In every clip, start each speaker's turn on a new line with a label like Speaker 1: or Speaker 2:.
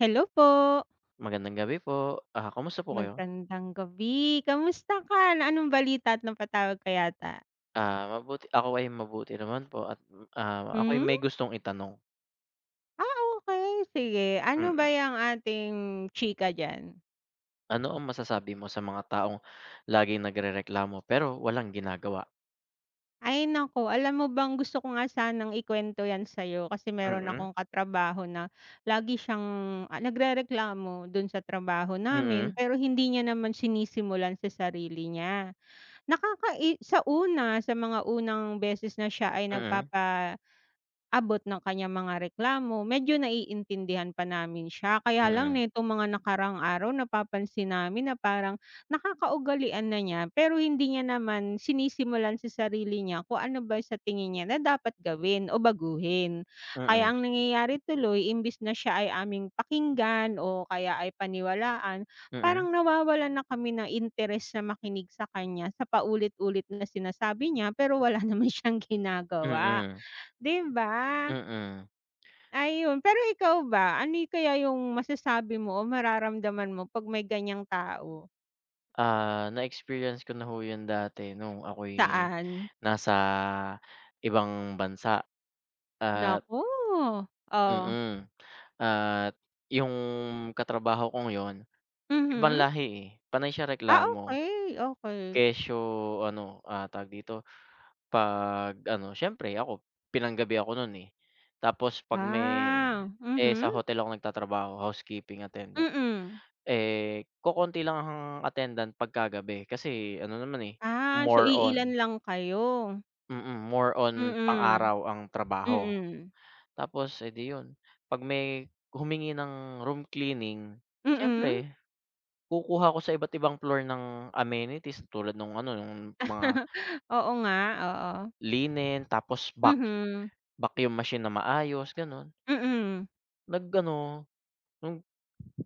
Speaker 1: Hello po.
Speaker 2: Magandang gabi po. Ah, kamusta po kayo?
Speaker 1: Magandang gabi. Kumusta ka? Anong balita at napatawag ka yata?
Speaker 2: Ah, mabuti ako ay mabuti naman po at, ah, ako'y
Speaker 1: Hmm.
Speaker 2: may gustong itanong.
Speaker 1: Ah, okey, sige ano ba
Speaker 2: Mm.
Speaker 1: 'yung ating chika diyan?
Speaker 2: Ano ang masasabi mo sa mga taong laging nagrereklamo pero walang ginagawa?
Speaker 1: Ay naku. Alam mo bang gusto ko nga sanang ikuwento 'yan sa'yo, kasi meron
Speaker 2: Mm.
Speaker 1: akong katrabaho na lagi siyang, ah, nagrereklamo 'don sa trabaho namin,
Speaker 2: Mm.
Speaker 1: pero hindi niya naman sinisimulan sa sarili niya. Nakakai sa una, sa mga unang beses na siya ay
Speaker 2: Mm
Speaker 1: nagpapaabot ng kaniyang mga reklamo, medyo naiintindihan pa namin siya. Kaya lang
Speaker 2: Mm.
Speaker 1: nitong mga nakaraang araw, napapansin namin na parang nakakaugalian na niya, pero hindi niya naman sinisimulan sa sarili niya kung ano ba sa tingin niya na dapat gawin o baguhin.
Speaker 2: Mm.
Speaker 1: Kaya ang nangyayari tuloy imbes na siya ay aming pakinggan o kaya ay paniwalaan,
Speaker 2: Mm.
Speaker 1: parang nawawalan na kami ng interes na makinig sa kanya sa paulit-ulit na sinasabi niya, pero wala naman siyang ginagawa,
Speaker 2: Mm.
Speaker 1: di ba?
Speaker 2: Mm.
Speaker 1: Ayun, pero ikaw ba, ano'y kaya 'yung masasabi mo o mararamdaman mo 'pag may ganiyang tao?
Speaker 2: Ah, na-experience ko na, ho, 'yan dati nung ako'y
Speaker 1: Saan?
Speaker 2: nasa ibang bansa at
Speaker 1: Naku, oh.
Speaker 2: mm, at 'yung katrabaho kong 'yun, ibang
Speaker 1: Mhm.
Speaker 2: lahi, eh, panay siya
Speaker 1: Ah,
Speaker 2: reklamo.
Speaker 1: okey, okey.
Speaker 2: Kesyo ano, ah, tawag dito, pag ano siyempre ako pinanggabi ako no'n, eh, tapos 'pag may
Speaker 1: Ah,
Speaker 2: eh, sa
Speaker 1: mhm.
Speaker 2: hotel ako nagtatrabaho, housekeeping attendant,
Speaker 1: Mm.
Speaker 2: eh, kokonti lang ang attendant pagkagabi kasi ano naman, eh,
Speaker 1: Ah, so
Speaker 2: more
Speaker 1: iilan
Speaker 2: on
Speaker 1: lang kayo.
Speaker 2: mm, more on
Speaker 1: Mm.
Speaker 2: pang-araw ang trabaho.
Speaker 1: Mm.
Speaker 2: Tapos, eh, di 'yun, 'pag may humingi ng room cleaning
Speaker 1: Mm.
Speaker 2: siyempre kukuha ako sa iba't ibang floor ng amenities tulad nung ano nung mga
Speaker 1: Oo nga, oo.
Speaker 2: linen tapos vac
Speaker 1: Mhm.
Speaker 2: vacuum machine na maayos, gano'n.
Speaker 1: Mm.
Speaker 2: Nag-ano nung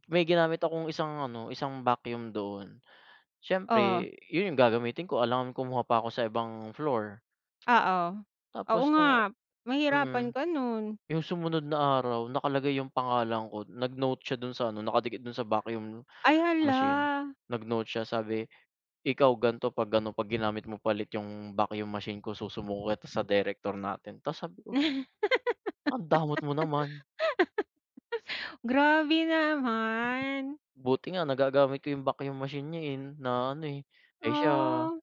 Speaker 2: may ginamit akong isang ano, isang vacuum doon,
Speaker 1: Oh.
Speaker 2: siyempre 'yun 'yung gagamitin ko, alangan kumuha pa ako sa ibang floor.
Speaker 1: Oo, oo
Speaker 2: Tapos no'ng
Speaker 1: nga,
Speaker 2: mm.
Speaker 1: mahirapan ka no'n.
Speaker 2: 'Yung sumunod na araw, nakalagay 'yung pangalan ko, nag-note siya do'n sa ano, nakadikit do'n sa vacuum
Speaker 1: Ay,
Speaker 2: machine,
Speaker 1: hala.
Speaker 2: nag-note siya sabi, "Ikaw gan'to pag-ano, 'pag ginamit mo pa ulit 'yung vacuum machine ko, susumbong kita sa direktor natin." Tapos sabi ko ang damot mo naman.
Speaker 1: Grabe naman.
Speaker 2: Buti nga nagagamit ko 'yung vacuum machine niya, eh, na ano, eh. Eh, siya
Speaker 1: Ah.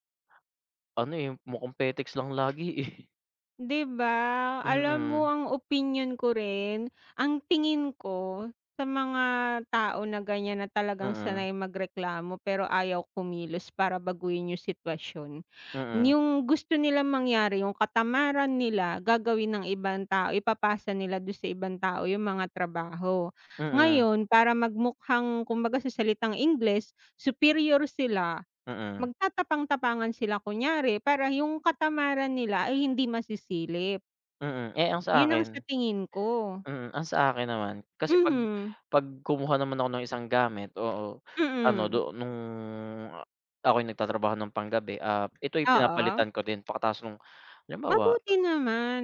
Speaker 2: ano, eh, mukhang petiks lang lagi, eh.
Speaker 1: 'Di ba, alam mo
Speaker 2: Mhm.
Speaker 1: ang opinyon ko rin, ang tingin ko sa mga tao na ganiyan na talagang
Speaker 2: Mm.
Speaker 1: sanay magreklamo pero ayaw kumilos para baguhin 'yung sitwasyon.
Speaker 2: Mm.
Speaker 1: 'Yung gusto nilang mangyari 'yung katamaran nila, gagawin ng ibang tao, ipapasa nila do'n sa ibang tao 'yung mga trabaho.
Speaker 2: Mm.
Speaker 1: Ngayon, para magmukhang kumbaga sa salitang Ingles, superior sila,
Speaker 2: Mm.
Speaker 1: magtatapang-tapangan sila kunyari para 'yung katamaran nila ay hindi masisilip.
Speaker 2: Mm, eh, ang
Speaker 1: 'Yun ang sa
Speaker 2: sa'kin
Speaker 1: tingin ko.
Speaker 2: mm, ang sa'kin naman, kasi pag
Speaker 1: Mhm.
Speaker 2: pag kumuha naman ako ng isang gamit, oo, ano
Speaker 1: Mm.
Speaker 2: do nung a ako'y nagtatrabaho ng panggabi, ah, ito'y
Speaker 1: Oo.
Speaker 2: pinapalitan ko din pagkatapos nung halimbawa
Speaker 1: Mabuti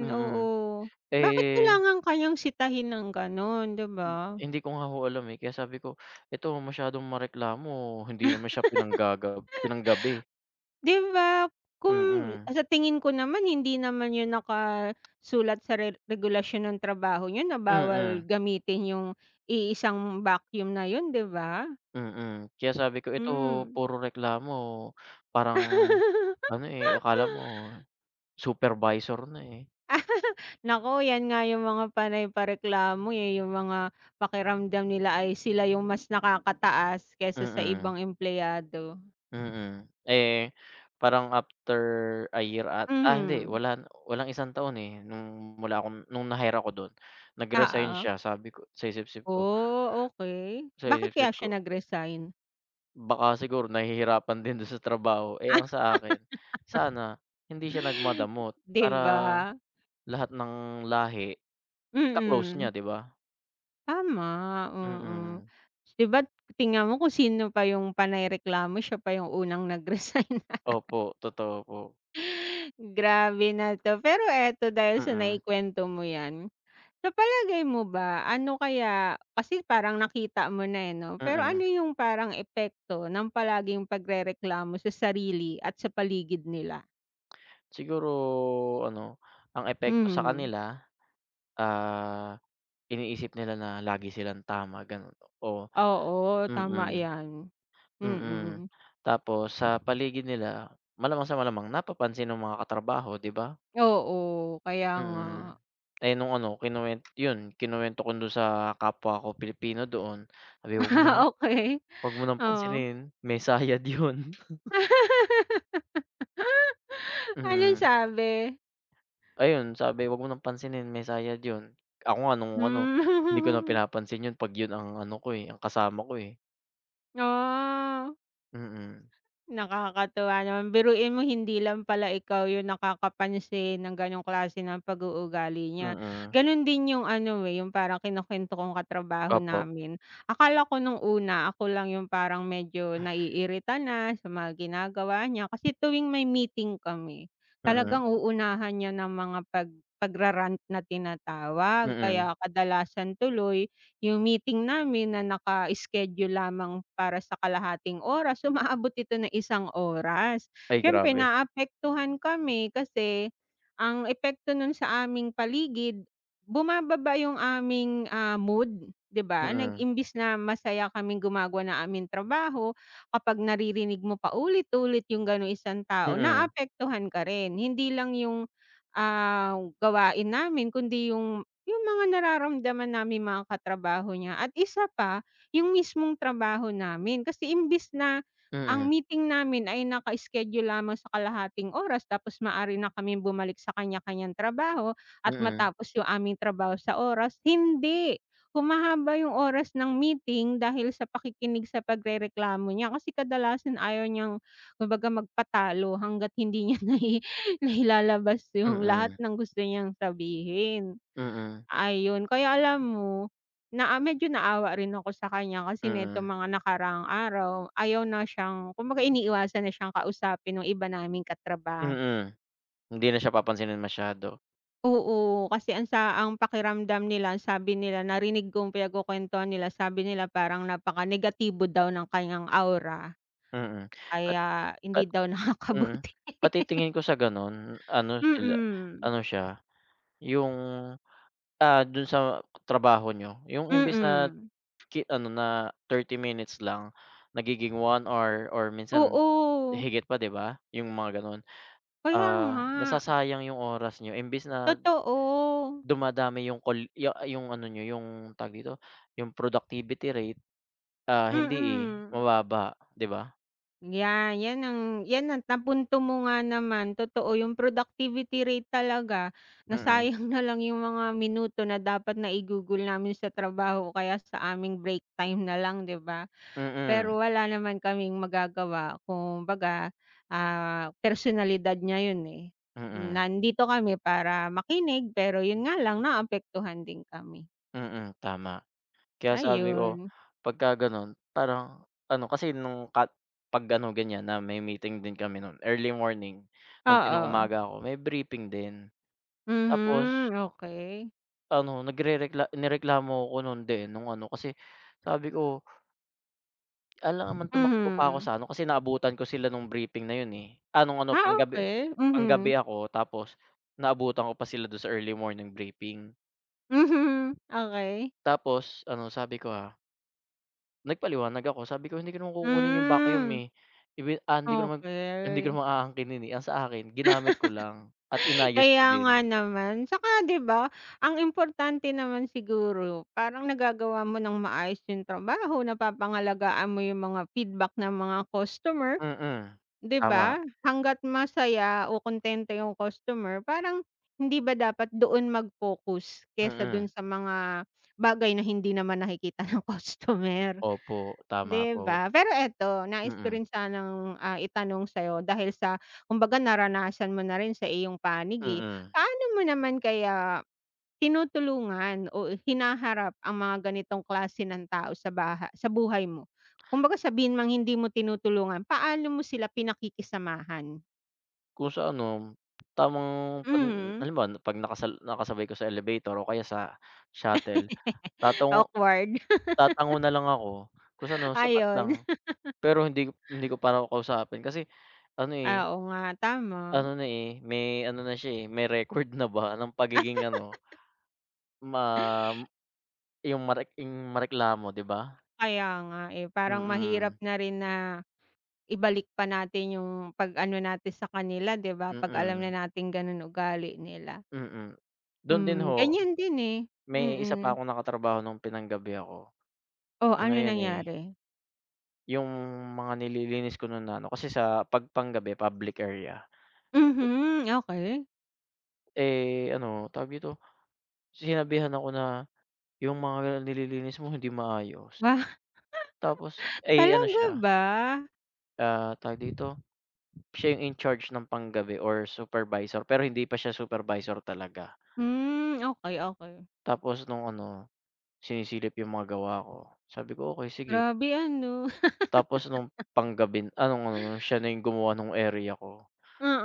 Speaker 2: ah, mm,
Speaker 1: oo. Bakit
Speaker 2: eh
Speaker 1: kailangan ka niyang sitahin ng gano'n, 'di
Speaker 2: Hmm,
Speaker 1: ba?
Speaker 2: hindi ko nga ho alam, eh, kaya sabi ko, ito masyadong mareklamo hindi naman siya pinanggaga pinanggabi.
Speaker 1: 'Di ba kung
Speaker 2: Mm.
Speaker 1: sa tingin ko naman hindi naman 'yun nakasulat sa re regulasyon ng trabaho niyo na bawal
Speaker 2: Mm.
Speaker 1: gamitin 'yung iisang vacuum na 'yun, 'di ba?
Speaker 2: Mm, kaya sabi ko, ito
Speaker 1: Hmm.
Speaker 2: puro reklamo parang ano, eh, akala mo supervisor na, eh.
Speaker 1: Naku 'yan nga 'yung mga panay pa-reklamo, eh, 'yung mga pakiramdam nila ay sila 'yung mas nakakataas kaysa sa
Speaker 2: Mm.
Speaker 1: ibang empleyado.
Speaker 2: Mm, eh, parang after a year at ah, hindi
Speaker 1: Mhm.
Speaker 2: wala walang isang taon, eh, nung wala akong nung na-hire ako do'n, nag-resign
Speaker 1: Oo.
Speaker 2: siya. Sabi ko, sa isip-isip ko
Speaker 1: Oh, okey,
Speaker 2: sa
Speaker 1: bakit kaya
Speaker 2: isip-isip ko.
Speaker 1: siya nag-resign?
Speaker 2: Baka siguro nahihirapan din dun sa trabaho, eh,
Speaker 1: Ah,
Speaker 2: ang sa akin, sana hindi siya nag-madamot,
Speaker 1: 'di
Speaker 2: para,
Speaker 1: ba.
Speaker 2: lahat ng lahi, ka-close niya,
Speaker 1: Mm.
Speaker 2: 'di ba?
Speaker 1: Tama, oo,
Speaker 2: Mm.
Speaker 1: 'di ba't tingnan mo kung sino pa yung panay reklamo siya pa yung unang nag-resign.
Speaker 2: Opo, totoo po.
Speaker 1: Grabe na 'to, pero eto dahil sa
Speaker 2: Mm.
Speaker 1: naikwento mo 'yan, sa palagay mo ba ano kaya, kasi parang nakita mo na, eh, 'no, pero
Speaker 2: Mm.
Speaker 1: ano yung parang epekto ng palaging pagrereklamo sa sarili at sa paligid nila?
Speaker 2: Siguro ano ang epekto sa
Speaker 1: Mhm.
Speaker 2: kanila, ah, iniisip nila na lagi silang tama ganun. Oh,
Speaker 1: Oo, tama
Speaker 2: mm,
Speaker 1: yan,
Speaker 2: mm,
Speaker 1: mm.
Speaker 2: tapos sa paligid nila malamang sa malamang napapansin ng mga katrabaho, 'di ba?
Speaker 1: Oo, kaya nga.
Speaker 2: Mm, eh, nung ano kinuwen 'yun kinuwento ko 'dun sa, kapwa ko Pilipino doon [unintelligible]
Speaker 1: Okey.
Speaker 2: "Wag mo ng
Speaker 1: Oo.
Speaker 2: pansinin, may sayad 'yun."
Speaker 1: Anong
Speaker 2: Mhm.
Speaker 1: sabe?
Speaker 2: Ayun, sabi "Wag mo ng pansinin may sayad 'yun." Ako nga nung ano,
Speaker 1: Hmm.
Speaker 2: hindi ko na pinapansin 'yun pag 'yun ang ano ko, eh, ang kasama ko, eh.
Speaker 1: Ah.
Speaker 2: Mm.
Speaker 1: Nakakatuwa naman, biruin mo hindi lang pala ikaw 'yung nakakapansin ng gano'ng klase ng pag-uugali niya,
Speaker 2: Mm.
Speaker 1: gano'n din 'yung ano, eh, 'yung parang kinukuwento kong katrabaho
Speaker 2: Opo.
Speaker 1: namin. Akala ko no'ng una ako lang 'yung parang medyo naiirita na, sa mga ginagawa niya, kasi tuwing may meeting kami,
Speaker 2: Mm.
Speaker 1: talagang uunahan niya ng mga pag pagra-rant na tinatawag,
Speaker 2: Mm.
Speaker 1: kaya kadalasan tuloy, 'yung meeting namin na naka-schedule lamang para sa kalahating oras umaabot ito ng 1 oras.
Speaker 2: Ay
Speaker 1: Siyempre,
Speaker 2: grabe.
Speaker 1: naapektuhan kami kasi, ang epekto no'n sa aming paligid, bumababa 'yung aming, ah, mood, 'di ba, nag
Speaker 2: Mm.
Speaker 1: imbes na masaya kaming gumagawa ng aming trabaho, kapag naririnig mo paulit-ulit 'yung gano'ng isang tao,
Speaker 2: Mm.
Speaker 1: naapektuhan ka rin, hindi lang 'yung, ah, gawain namin kundi 'yung 'yung mga nararamdaman naming mga katrabaho niya. At isa pa, 'yung mismong trabaho namin, kasi imbes na
Speaker 2: Mm.
Speaker 1: ang meeting namin ay naka-schedule lamang sa kalahating oras tapos maaari na kaming bumalik sa kanya-kaniyang trabaho at
Speaker 2: Mm.
Speaker 1: matapos 'yung aming trabaho sa oras, hindi, humahaba 'yung oras ng meeting dahil sa pakikinig sa pagrereklamo niya. Kasi kadalasan ayaw niyang kumbaga magpatalo hangga't hindi niya nai nailalabas 'yung lahat
Speaker 2: Mm.
Speaker 1: ng gusto niyang sabihin.
Speaker 2: Mm.
Speaker 1: Ayun, kaya alam mo, na ah, medyo naawa rin ako sa kaniya kasi nitong
Speaker 2: Mm.
Speaker 1: mga nakaraang araw, ayaw na siyang kumbaga iniiwasan na siyang kausapin nung iba naming katraba
Speaker 2: Mm, hindi na siya papansinin masyado.
Speaker 1: Oo, kasi ang sa ang pakiramdam nila, sabi nila narinig kong pinagkukuwentuhan nila, sabi nila, parang napaka-negatibo daw ng kaniyang aura.
Speaker 2: Mm, at
Speaker 1: Kaya,
Speaker 2: at
Speaker 1: hindi daw
Speaker 2: mm,
Speaker 1: nakakabuti.
Speaker 2: pati tingin ko sa gano'n ano sila
Speaker 1: Mm.
Speaker 2: ano siya 'yung, ah, do'n sa trabaho niyo 'yung imbes na
Speaker 1: Mm.
Speaker 2: ki ano na 30 minutes lang, nagiging 1 hour or minsan
Speaker 1: Oo.
Speaker 2: higit pa 'di ba? 'Yung mga gano'n.
Speaker 1: Kaya
Speaker 2: Ah,
Speaker 1: nga.
Speaker 2: nasasayang 'yung oras niyo, imbes na
Speaker 1: Totoo.
Speaker 2: dumadami 'yung call ya 'yung ano niyo 'yung tawag dito, 'yung productivity rate, ah, hindi, eh,
Speaker 1: Mm.
Speaker 2: mababa, 'di ba?
Speaker 1: Yan, 'yan ang 'yan ang napunto mo nga naman, totoo, 'yung productivity rate talaga,
Speaker 2: Mm.
Speaker 1: nasayang na lang 'yung mga minuto na dapat naigugol namin sa trabaho, o kaya sa aming break time na lang 'di ba?
Speaker 2: Mm.
Speaker 1: Pero wala naman kaming magagawa kumbaga, ah, personalidad niya 'yun, eh,
Speaker 2: Mm.
Speaker 1: nandito kami para makinig, pero 'yun nga lang naapektuhan din kami.
Speaker 2: Mm, tama. Kaya sabi ko,
Speaker 1: Ayun.
Speaker 2: 'pagka gano'n parang ano, kasi, nung ka 'pag gano'ng ganyan na may meeting din kami no'n, early morning nung
Speaker 1: Oo.
Speaker 2: pinang-umaga ako, may briefing din. Tapos
Speaker 1: Mhm, okey.
Speaker 2: ano nagrerekla nireklamo 'ko nun, de, nung ano kasi, sabi ko "Alangan naman tumakbo pa ako
Speaker 1: Mhm.
Speaker 2: sa ano." kasi naabutan ko sila nung briefing na 'yon, eh ah, nung ano
Speaker 1: Ah,
Speaker 2: panggabi
Speaker 1: okey, mhm.
Speaker 2: panggabi ako tapos naabutan ko pa sila don sa early morning briefing.
Speaker 1: Mhm, okey.
Speaker 2: Tapos ano sabi ko, ah nagpaliwanag ako, sabi ko "Hindi ko naman kukunin yung vacuum,
Speaker 1: Hmm.
Speaker 2: eh, ibi ah, hindi ko naman hindi ko
Speaker 1: Okey.
Speaker 2: naman aangkinin, eh," ang sa akin ginamit ko lang at inayos ko
Speaker 1: Kaya nga
Speaker 2: din.
Speaker 1: naman 'tsaka 'di ba, ang importante naman siguro, parang nagagawa mo ng maayos yung trabaho, napapangalagaan mo yung mga feedback ng mga customer
Speaker 2: Mm,
Speaker 1: 'di
Speaker 2: tama.
Speaker 1: ba? Hangga't masaya o kontento yung customer, parang hindi ba dapat doon mag-focus, kaysa
Speaker 2: Mm.
Speaker 1: do'n sa mga bagay na hindi naman nakikita ng customer
Speaker 2: Opo, tama
Speaker 1: 'di
Speaker 2: po.
Speaker 1: ba? Pero eto, nais ko
Speaker 2: Mm.
Speaker 1: rin sanang, ah itanong sa'yo, dahil sa kumbaga naranasan mo na rin sa iyong panig, eh.
Speaker 2: Mm.
Speaker 1: Paano mo naman kaya tinutulungan o hinaharap ang mga ganitong klase ng tao sa baha sa buhay mo? Kumbaga sabihin mang hindi mo tinutulungan paano mo sila pinakikisamahan?
Speaker 2: Kung sa ano, tamang 'pag
Speaker 1: Mhm.
Speaker 2: halimbawa 'pag nakasal nakasabay ko sa elevator o kaya sa shuttle, tatango
Speaker 1: Awkward.
Speaker 2: tatango nalang ako. Kung sa ano
Speaker 1: Ah,
Speaker 2: sapat lang.
Speaker 1: 'yon.
Speaker 2: Pero hindi hindi ko pa raw kakausapin. Kasi ano, eh,
Speaker 1: Ah, oo nga, tama.
Speaker 2: ano na, eh, may ano na siya, eh, may record na ba ng pagiging ano, mam yung marek yung mareklamo, 'di ba?
Speaker 1: Kaya nga, eh, parang mahirap
Speaker 2: Mm.
Speaker 1: na rin na ibalik pa natin yung 'pag ano natin sa kanila, 'di ba? Pag alam na
Speaker 2: Mm.
Speaker 1: natin ganon ugali nila.
Speaker 2: Mm, dun din
Speaker 1: Hmm,
Speaker 2: ho,
Speaker 1: ganyan din, eh,
Speaker 2: may isa pa
Speaker 1: mm.
Speaker 2: akong nakatrabaho nung pinang-gabi ako.
Speaker 1: Oh,
Speaker 2: Ano
Speaker 1: ano
Speaker 2: yun, eh
Speaker 1: nangyari?
Speaker 2: Yung mga nililinis ko nun na ano kasi sa, 'pag panggabi public area.
Speaker 1: Mhm, okey.
Speaker 2: Eh, ano tawag dito, sinabihan ako na, "Yung mga nililinis mo, hindi maayos."
Speaker 1: Ba,
Speaker 2: Tapos, ay ano
Speaker 1: talaga
Speaker 2: siya
Speaker 1: ba?
Speaker 2: Ah, tawag dito, siya yung in-charge ng panggabi or supervisor. Pero, hindi pa siya supervisor talaga.
Speaker 1: Hmm, okey, okey.
Speaker 2: Tapos, nung ano sinisilip yung mga gawa ko, sabi ko, "Okey sige."
Speaker 1: Grabe, ano?
Speaker 2: Tapos, nung panggabi na, ah, nung siya na yung gumawa nung area ko.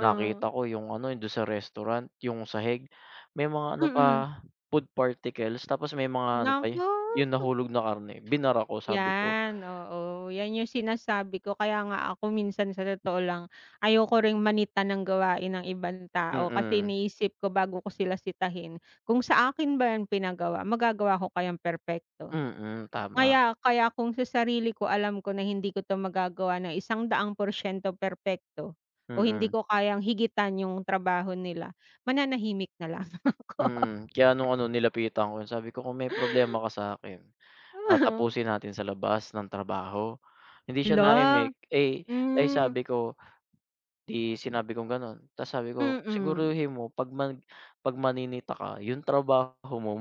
Speaker 2: Nakita ko yung ano dun sa restaurant, yung sahig may mga ano
Speaker 1: Mm.
Speaker 2: pa food particles. Tapos, may mga ano pa, eh,
Speaker 1: Naku.
Speaker 2: yung nahulog na karne. Binara ko. Sabi ko
Speaker 1: Yan, oo, yan yung sinasabi ko. Kaya nga ako minsan sa totoo lang, ayoko ring manita ng gawain ng ibang tao, kasi
Speaker 2: Mm.
Speaker 1: iniisip ko bago ko sila sitahin, kung sa akin ba yan pinagawa magagawa ko kayang perpekto.
Speaker 2: Mm, tama.
Speaker 1: Kaya kaya kung sa sarili ko alam ko na hindi ko 'to magagawa ng 100 porsiento perpekto o hindi
Speaker 2: Mm.
Speaker 1: ko kayang higitan yung trabaho nila, mananahimik na lang ako.
Speaker 2: Mm, kaya nung ano nilapitan ko, sabi ko, "Kung may problema ka sa akin, ah, tapusin natin sa labas ng trabaho." Hindi siya
Speaker 1: Hala,
Speaker 2: naimik, eh, ay
Speaker 1: mm.
Speaker 2: sabi ko, di sinabi kong ganon. Tapos, sabi ko,
Speaker 1: Mm.
Speaker 2: "Siguruhin mo 'pag mag 'pag maninita ka yung trabaho mo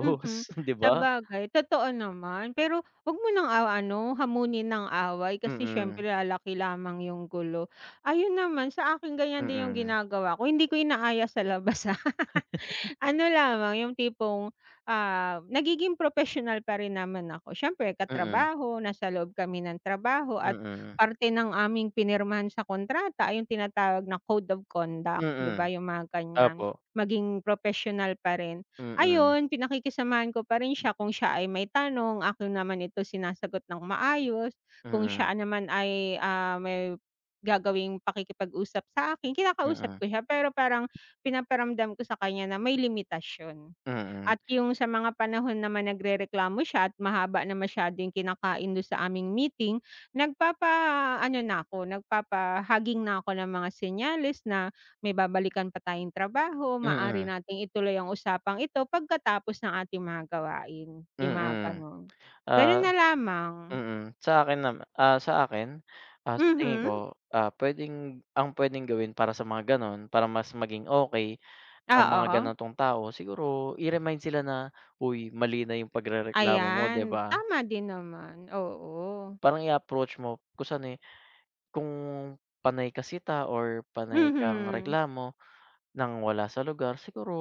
Speaker 1: Mhm,
Speaker 2: 'di ba?"
Speaker 1: sabagay totoo naman. Pero, 'wag mo nang aw ano hamunin ng away. Kasi
Speaker 2: Mm.
Speaker 1: siyempre lalaki lamang yung gulo. Ayun naman sa akin ganyan din yung
Speaker 2: Mm.
Speaker 1: ginagawa ko, hindi ko inaaya sa labas, ah. Ano lamang yung tipong, ah, nagiging propesyonal pa rin naman ako. Siyempre
Speaker 2: Mm.
Speaker 1: katrabaho, nasa loob kami ng trabaho. At
Speaker 2: Mm.
Speaker 1: parte ng aming pinirmahan sa kontrata ay yung tinatawag na code of conduct, 'di ba?
Speaker 2: Mm,
Speaker 1: Yung mga ganyan.
Speaker 2: opo.
Speaker 1: Maging propesyonal pa rin.
Speaker 2: Mm.
Speaker 1: Ayun, pinakikisamahan ko pa rin siya kung siya ay may tanong akin naman, ito sinasagot ng maayos. Kung
Speaker 2: Mm.
Speaker 1: siya naman ay, ah, may gagawing pakikipag-usap sa akin, kinakausap
Speaker 2: Mm.
Speaker 1: ko siya. Pero, parang pinaparamdam ko sa kaniya na may limitasiyon.
Speaker 2: Mm.
Speaker 1: At yung sa mga panahon naman nagrereklamo siya at mahaba na masyado yung kinakain dun sa aming meeting, nagpapaano na ako, nagpapahaging na ako ng mga senyales na, "May babalikan pa tayong trabaho. Maaari
Speaker 2: Mm.
Speaker 1: nating ituloy ang usapang ito pagkatapos ng ating mga gawain." Yung mga
Speaker 2: Mm,
Speaker 1: ganun.
Speaker 2: ah,
Speaker 1: Ganun na lamang.
Speaker 2: mm. Sa akin nama ah, sa akin. Ah, sa tingin ko.
Speaker 1: Mhm.
Speaker 2: Ah, pwedeng ang pwedeng gawin para sa mga ganon, para mas maging okey ang mga
Speaker 1: Oo.
Speaker 2: ganitong tao, siguro i-remind sila na, "Uy, mali na yung pagrereklamo mo." Di
Speaker 1: Ayan,
Speaker 2: ba?
Speaker 1: tama din naman, oo.
Speaker 2: Parang, i-approach mo kung saan, eh, "Kung panay ka sita or panay kang
Speaker 1: Mhm.
Speaker 2: reklamo nang wala sa lugar siguro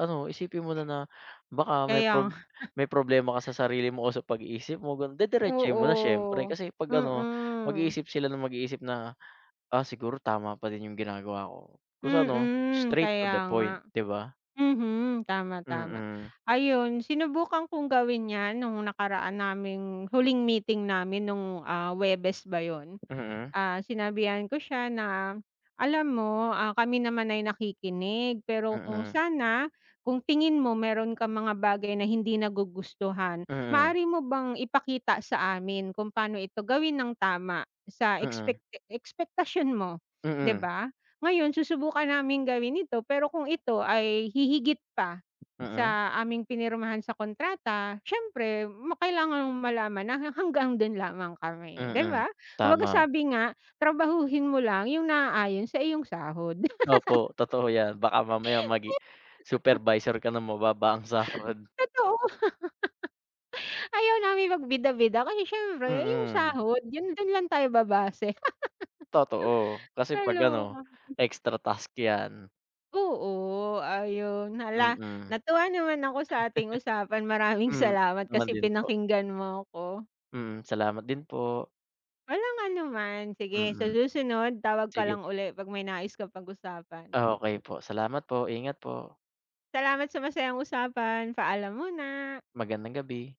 Speaker 2: ano, isipin mo na na, baka may
Speaker 1: Kaya
Speaker 2: prob
Speaker 1: nga.
Speaker 2: may problema ka sa sarili mo o sa pag-iisip mo." Ganu didiretsohin mo na siyempre.
Speaker 1: Oo,
Speaker 2: Kasi, 'pag ano,
Speaker 1: mm.
Speaker 2: mag-iisip sila na mag-iisip na, "Ah, siguro tama pa din yung ginagawa ko." Kung sa ano
Speaker 1: Mm,
Speaker 2: straight to the
Speaker 1: kaya nga.
Speaker 2: point, 'di ba?
Speaker 1: Mhm, tama, tama.
Speaker 2: Mm.
Speaker 1: Ayun, sinubukan kong gawin yan nung nakaraan naming huling meeting namin nung, ah, Huwebes ba yun?
Speaker 2: Mm.
Speaker 1: Ah, sinabihan ko siya na, "Alam mo, ah, kami naman ay nakikinig. Pero, kung
Speaker 2: Mm.
Speaker 1: sana kung tingin mo meron kang mga bagay na hindi nagugustuhan,
Speaker 2: Mm.
Speaker 1: maaari mo bang ipakita sa amin kung paano ito gawin ng tama sa
Speaker 2: Mm.
Speaker 1: expecta ekspektasyon mo, 'di
Speaker 2: Mm.
Speaker 1: ba? Ngayon susubukan naming gawin ito, pero kung ito ay hihigit pa
Speaker 2: Mm.
Speaker 1: sa aming pinirmahan sa kontrata, siyempre ma kailangan malaman na ha hanggang dun lamang kami, 'di
Speaker 2: Mm,
Speaker 1: ba?" Kumbaga,
Speaker 2: tama.
Speaker 1: sabi nga, "Trabahuhin mo lang yung naaayon sa iyong sahod."
Speaker 2: Opo, totoo yan baka mamaya magi supervisor ka nang mababa ang sahod.
Speaker 1: Totoo. Ayaw namin magbida-bida. Kasi, siyempre yung
Speaker 2: Mm.
Speaker 1: sahod, yun dun lang tayo babase.
Speaker 2: Totoo, kasi 'pag
Speaker 1: Kaloka.
Speaker 2: ano extra task yan.
Speaker 1: Oo, ayun.
Speaker 2: Mm.
Speaker 1: Hala, natuwa naman ako sa ating usapan. Maraming
Speaker 2: Hmm,
Speaker 1: salamat,
Speaker 2: naman
Speaker 1: kasi
Speaker 2: din po.
Speaker 1: pinakinggan mo ako.
Speaker 2: Mm, salamat din po.
Speaker 1: Walang anuman! Sige sa
Speaker 2: Mm,
Speaker 1: susunod tawag ka
Speaker 2: sige.
Speaker 1: lang uli, 'pag may nais ka pag-usapan.
Speaker 2: Okey po, salamat po ingat po.
Speaker 1: Salamat sa masayang usapan. Paalam muna.
Speaker 2: Magandang gabi.